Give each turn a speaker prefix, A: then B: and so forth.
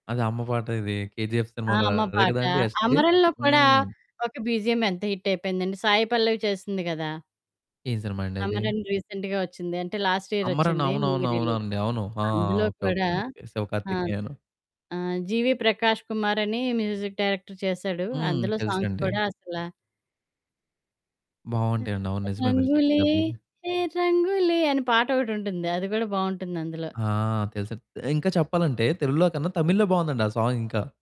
A: అది అమ్మ పాట ఇది కేజీఎఫ్
B: ఆ!
A: సినిమాలో
B: అమ్మ
A: అదే
B: పాట.
A: గదండీ యష్‌ది.
B: 'అమరన్‌లో' కూడా
A: హ్మ్.
B: ఒక బీజీఎం ఎంత హిటయిపోయిందండి సాయి పల్లవి చేసింది గదా!
A: ఏం సినిమా అండది?
B: 'అమరన్' రీసెంట్‌గా వచ్చింది. అంటే లాస్ట్
A: 'అమరన్'
B: ఇయరొచ్చింది. మూవీ
A: అవునవును.
B: రిలీజ్.
A: అవునండి. అవును. ఆ
B: అందులో
A: ఓకే, ఓకే,
B: కూడా
A: ఓకే. శివ
B: ఆ!
A: కార్తికేయను.
B: ఆహ్, జీవీ ప్రకాష్ కుమార్ అని మ్యూజిక్ డైరెక్టర్ చేసాడు.
A: హ్మ్.
B: అందులో సాంగ్స్
A: తెలుసండి.
B: కూడా అసలా
A: బావుంటాయండి. అవును. నిజమే మీరు
B: రంగులే
A: చెప్పిన బిజి
B: హే రంగూలె అనే పాట ఒకటుంటుంది. అది గూడా బావుంటుంది అందులో.
A: ఆహ్, తెలుసది. ఇంకా చెప్పాలంటే తెలుగులో కన్నా తమిళ్‌లో బావుందండి ఆ సాంగ్ ఇంకా.